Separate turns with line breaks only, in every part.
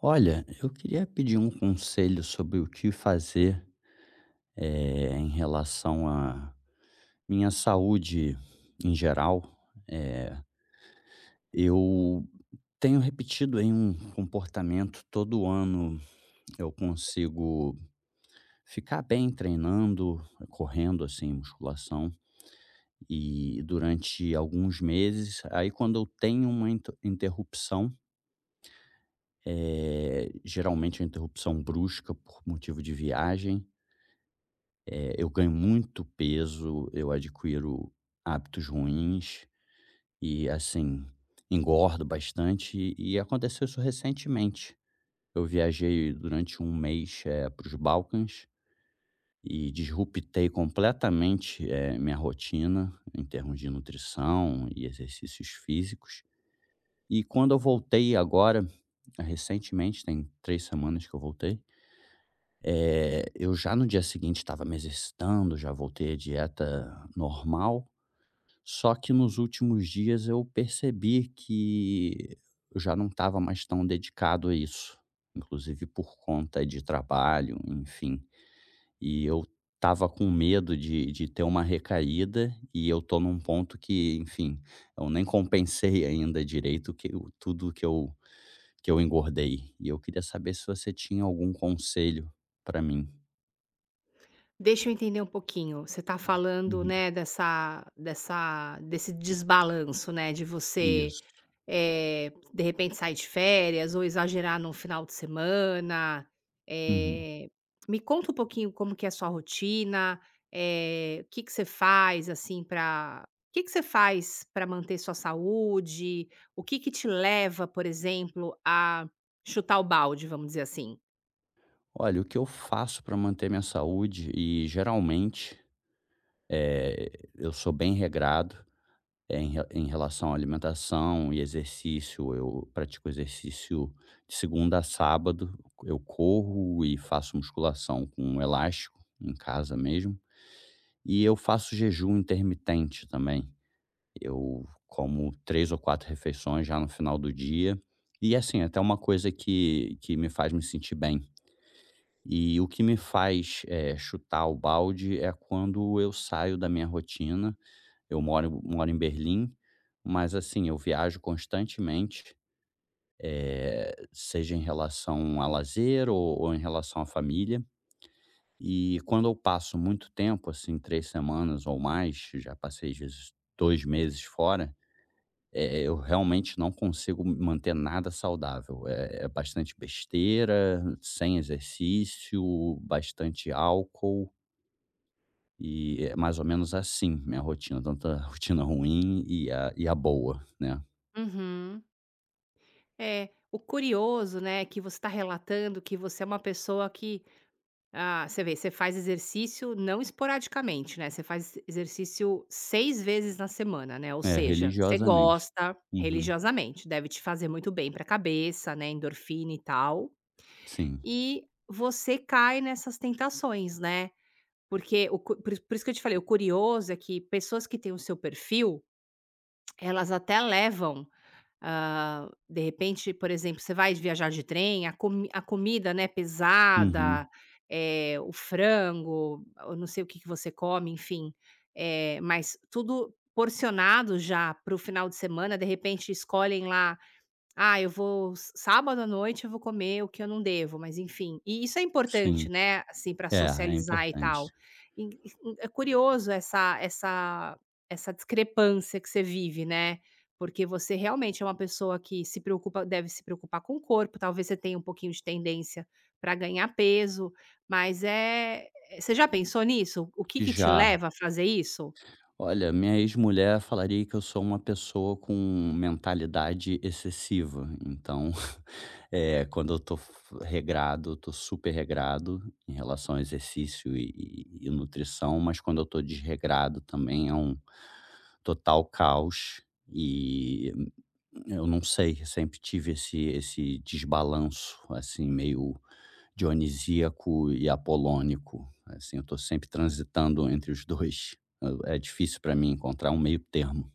Olha eu queria pedir um conselho sobre o que fazer, eh, em relação a minha saúde em geral, eh Eu tenho repetido em um comportamento todo ano, eu consigo ficar bem treinando, correndo, assim, musculação e durante alguns meses aí quando eu tenho uma inter interrupção eh, geralmente é interrupção brusca por motivo de viagem eh, eu ganho muito peso, eu adquiro hábitos ruins, e assim, engordo bastante e e aconteceu isso recentemente, eu viajei durante um mês, eh, para os Balcãs e desrupetei completamente, eh, minha rotina em termos de nutrição e exercícios físicos e quando eu voltei agora, recentemente, tem 3 semanas que eu voltei, eh, eu já no dia seguinte estava me exercitando, já voltei à dieta normal. Só que nos últimos dias eu percebi que eu já não estava mais tão dedicado a isso, inclusive por conta de trabalho, enfim, e eu estava com medo de de ter uma recaída e eu tô num ponto que, enfim, eu nem compensei ainda direito o que o tudo que eu que eu engordei e eu queria saber se você tinha algum conselho pra mim.
Deixa eu entender um pouquinho, você tá falando,
Uhum.
né, dessa dessa desse desbalanço, né, de você,
Isso
eh, de repente sair de férias ou exagerar em um final de semana.
Uhum.
Eh, me conta um pouquinho como que é a sua rotina, eh, o que que você faz assim pra o que que você faz pra manter sua saúde? O que que te leva por exemplo, a chutar o balde vamos dizer assim?
Olha o que eu faço pra manter minha saúde e geralmente, eh, eu sou bem regrado. É em re em relação à alimentação e exercício eu pratico exercício de segunda a sábado, eu corro e faço musculação com elástico em casa mesmo. E eu faço jejum intermitente também, eu como 3 ou 4 refeições já no final do dia. E assim até uma coisa que que me faz me sentir bem. E o que me faz, eh, chutar o balde é quando eu saio da minha rotina. Eu moro moro em Berlim, mas assim eu viajo constantemente, eh, seja em relação a lazer ou ou em relação à família. E quando eu passo muito tempo, assim, 3 semanas ou mais já passei as vezes 2 meses fora, eh, eu realmente não consigo m manter nada saudável. É é bastante besteira, sem exercício, bastante álcool. E é mais ou menos assim minha rotina, tanto a rotina ruim e e a e a boa, né.
Uhum. É, o curioso, né, que você tá relatando que você é uma pessoa que ah, você vê, você faz exercício não esporadicamente, né, você faz exercício 6 vezes na semana, né, ou
É,
seja você
religiosamente.
gosta
Uhum.
religiosamente. Deve te fazer muito bem pra cabeça, né, endorfina e tal,
Sim.
e você cai nessas tentações, né, porque o cu po por isso por isso que eu te falei, o curioso é que pessoas que têm o seu perfil, elas até levam, hã, de repente, por exemplo, você vai viajar de trem a comi a comida, né, pesada,
Uhum.
eh, o frango, eu não sei o que que você come, enfim. Eh, mas tudo porcionado já para o final de semana de repente escolhem lá "Ah eu vou s sábado à noite eu vou comer o que eu não devo", mas, enfim, e isso é importante,
Sim.
né, assim, pra
É, é
socializar e tal,
importante.
e e e é curioso essa essa essa discrepância que você vive, né, porque você realmente é uma pessoa que se preocupa deve se preocupar com o corpo, talvez você tenha um pouquinho de tendência pra ganhar peso, mas, eh você já pensou nisso, o que que te
Já.
leva a fazer isso?
Olha, minha exmulher eu falaria que eu sou uma pessoa com mentalidade excessiva, então, eh, quando eu tô f regrado, eu tô super regrado em relação ao exercício e e e nutrição, mas quando eu tô desregrado também é um total caos e, hum, eu não sei sempre tive esse esse desbalanço, assim, meio Dionisíaco e Apolônico, assim, eu tô sempre transitando entre os dois. É difícil pra mim encontrar um meio termo.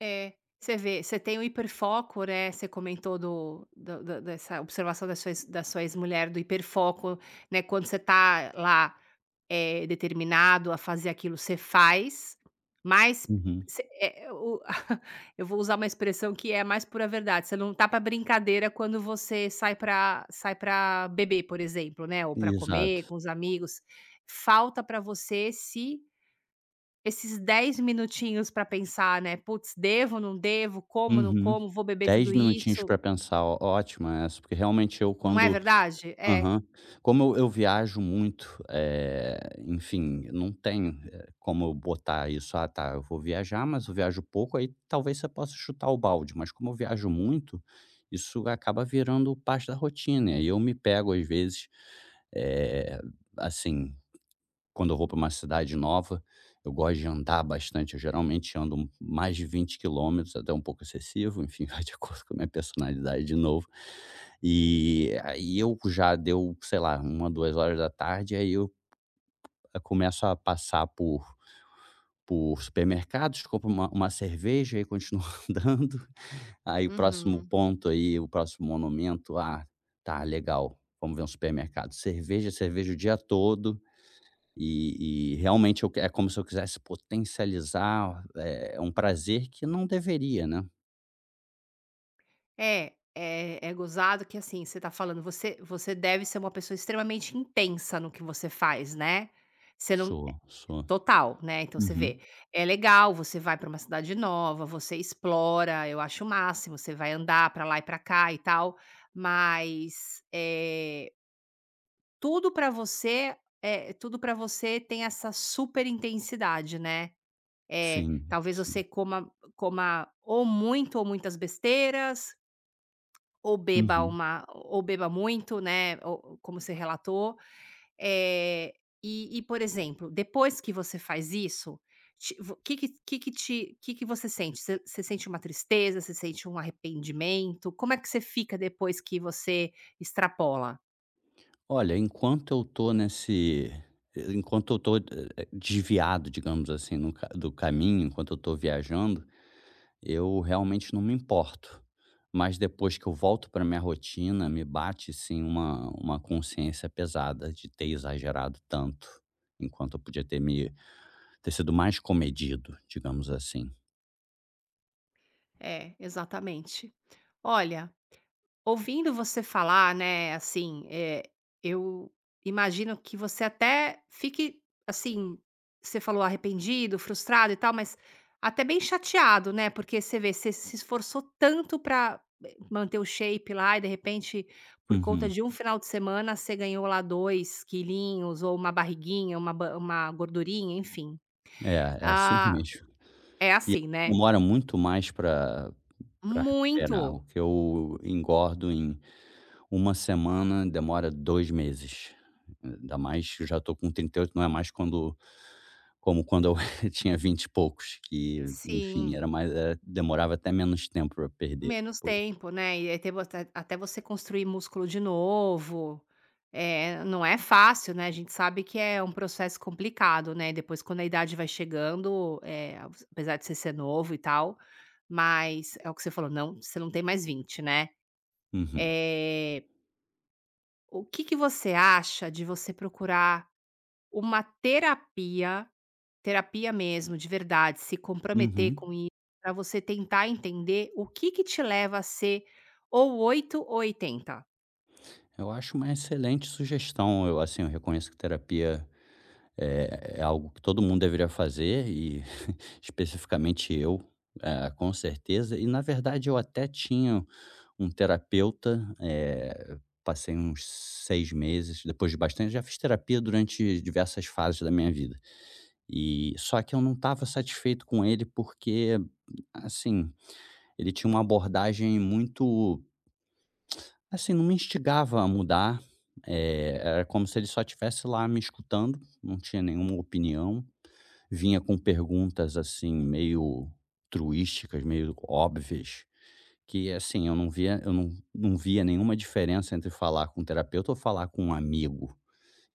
É, você vê, você tem o hiperfoco, né. Você comentou do do do dessa observação da sua ex mulher do hiperfoco, né, quando você tá lá, eh, determinado a fazer aquilo você faz, mas
Uhum.
você, eh, o eu vou usar uma expressão que é mais pura verdade "Você não tá pra brincadeira", quando você sai pra sai pra beber, por exemplo, né, ou pra comer com
Exato.
os amigos, falta pra você esse esses 10 minutinhos pra pensar, né, "Putz devo ou não devo? Como ou não
Uhum,
como? Vou beber
10
tudo
minutinhos
isso?".
pra pensar ó ótimo essa, porque realmente eu
Não é
quando
verdade. É.
Aham. Como eu eu viajo muito, eh, enfim eu não tenho, eh, como eu botar isso "Ah, tá eu vou viajar" mas eu viajo pouco aí talvez você possa chutar o balde, mas como eu viajo muito isso acaba virando parte da rotina aí eu me pego às vezes, eh, assim quando eu vou pra uma cidade nova eu gosto de andar bastante. Eu geralmente ando mais de 20 quilômetros até um pouco excessivo, enfim, de acordo com a minha personalidade de novo. E a e eu já deu sei lá 13h, 14h aí eu já começo a passar por por supermercados, compra uma uma cerveja e aí continua andando. Aí o próximo
Uhum.
ponto, aí o próximo monumento, "Ah, tá legal vamos ver um supermercado", cerveja, cerveja, o dia todo. E e realmente o que é como se eu quisesse potencializar, eh, um prazer que não deveria, né.
É, é é gozado que, assim, você tá falando você você deve ser uma pessoa extremamente intensa no que você faz, né. Você não
Sou, sou.
total, né. Então você vê,
Uhum.
é legal você vai pra uma cidade nova, você explora eu acho o máximo você vai andar pra lá e pra cá e tal mas, eh tudo pra você eh, tudo pra você tem essa super intensidade, né. É,
Sim,
talvez
sim.
você coma coma ou muito ou muitas besteiras ou beba
Uhum.
uma ou beba muito, né, ou ou como você relatou. Eh, e e, por exemplo, depois que você faz isso, te o que que que que te que que você sente? Você você sente uma tristeza? Você sente um arrependimento? Como é que você fica depois que você extrapola?
Olha, enquanto eu tô nesse enquanto eu tô eh eh, desviado, digamos assim no ca do caminho, enquanto eu tô viajando, eu realmente não me importo, mas depois que eu volto pra minha rotina, me bate, assim, uma uma consciência pesada de ter exagerado tanto, enquanto eu podia ter me ter sido mais comedido, digamos assim.
É, exatamente. Olha, ouvindo você falar, né, assim, eh, eu imagino que você até fique assim Você falou arrependido, frustrado e tal, mas até bem chateado, né. Porque, você vê, você se esforçou tanto pra manter o shape lá e, de repente, por conta
Uhum.
de 1 final de semana, cê ganhou lá 2 quilinhos ou uma barriguinha, uma ba uma gordurinha, enfim,
É é assim
ah
mesmo,
É
e
assim, né?
demora muito mais, pra pra recuperar
Muito.
o que eu engordo em uma semana, demora 2 meses, eh ainda mais já estou com 38, ainda mais quando como quando eu tinha 20 e poucos, que, enfim,
Sim.
era mais era demorava até menos tempo para perder.
Menos
Pois.
tempo, né. E até bastante até até você construir músculo de novo, eh, não é fácil, né, a gente sabe que é um processo complicado, né. Depois, quando a idade vai chegando Eh, apesar de você ser novo e tal, mas é o que você falou: não você não tem mais 20, né,
Uhum.
eh O que que você acha de você procurar uma terapia? Terapia mesmo de verdade, se comprometer
Uhum.
com ir, pra você tentar entender o que que te leva a ser ou 8 ou 80.
Eu acho uma excelente sugestão, eu assim, eu reconheço que terapia é é algo que todo mundo deveria fazer e, especificamente, eu, eh, com certeza, e na verdade eu até tinha um terapeuta, eh, passei uns 6 meses, depois de bastante já fiz terapia durante diversas fases da minha vida, eh, só que eu não estava satisfeito com ele, porque, assim, ele tinha uma abordagem muito assim, não me instigava a mudar, eh, era como se ele só tivesse lá me escutando, não tinha nenhuma opinião, vinha com perguntas, assim, meio truísticas, meio óbvias, que, assim, eu não via eu não não via nenhuma diferença entre falar com um terapeuta ou falar com um amigo,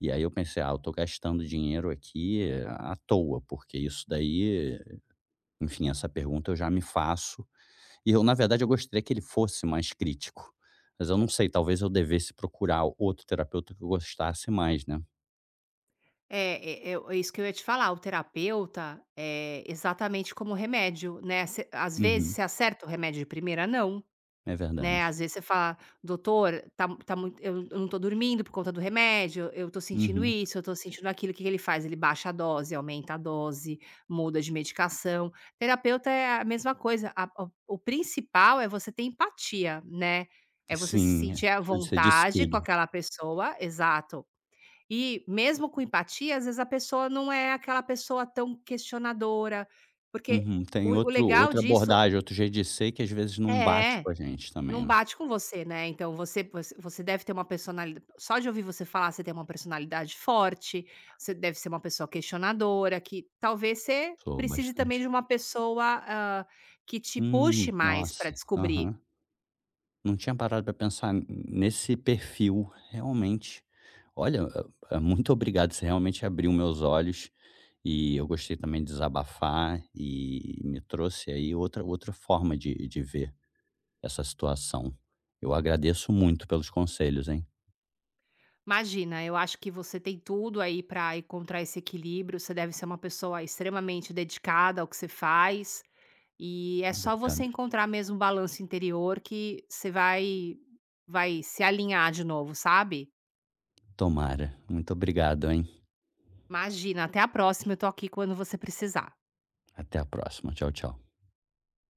e aí eu pensei: "Ah, eu tô gastando dinheiro aqui à toa, porque isso daí enfim, essa pergunta eu já me faço", e eu na verdade, eu gostei que ele fosse mais crítico, mas eu não sei, talvez eu devesse procurar outro terapeuta que eu gostasse mais, né.
É é é ou isso que eu ia te falar, o terapeuta, eh, exatamente como remédio, né, você às vezes
Uhum.
você acerta o remédio de primeira? "Não!"
É
Né,
verdade.
às vezes você fala: "Doutora, tá tá mui eu num num tô dormindo por conta do remédio, eu tô sentindo
Uhum.
isso, eu tô sentindo aquilo." O quê que ele faz? Ele baixa a dose, aumenta a dose, muda de medicação. Terapeuta é a mesma coisa a o o o principal é você ter empatia, né. É você se
Sim é,
sentir a
você diz
vontade com
tudo.
aquela pessoa. Exato. E mesmo com empatia as vezes a pessoa num é aquela pessoa tão questionadora, porque
Uhum, tem
o o
outro
legal
outra
disso
abordagem, outro jeito de ser que as vezes não bate
É,
com a gente também,
não
né.
bate com você, né, então você você você deve ter uma personalida Só de ouvir você falar, você tem uma personalidade forte. Você deve ser uma pessoa questionadora que talvez você
Soou
precise também
bastante
de uma pessoa, hã, que te puxe
Hum,
mais pra
nossa!
descobrir.
Aham. Não tinha parado pra pensar hum, nesse perfil realmente. Olha, eh eh, muito obrigado, você realmente abriu meus olhos. E eu gostei também de desabafar e me trouxe aí outra outra forma de de ver essa situação. Eu agradeço muito pelos conselhos, hein.
Imagina eu acho que você tem tudo aí pra encontrar esse equilíbrio. Você deve ser uma pessoa extremamente dedicada ao que você faz e é só você
Obrigado.
encontrar mesmo o balanço interior que você vai vai se alinhar de novo, sabe.
Tomara, muito obrigado, hein.
Imagina até a próxima, eu tô aqui quando você precisar.
Até a próxima, tchau tchau.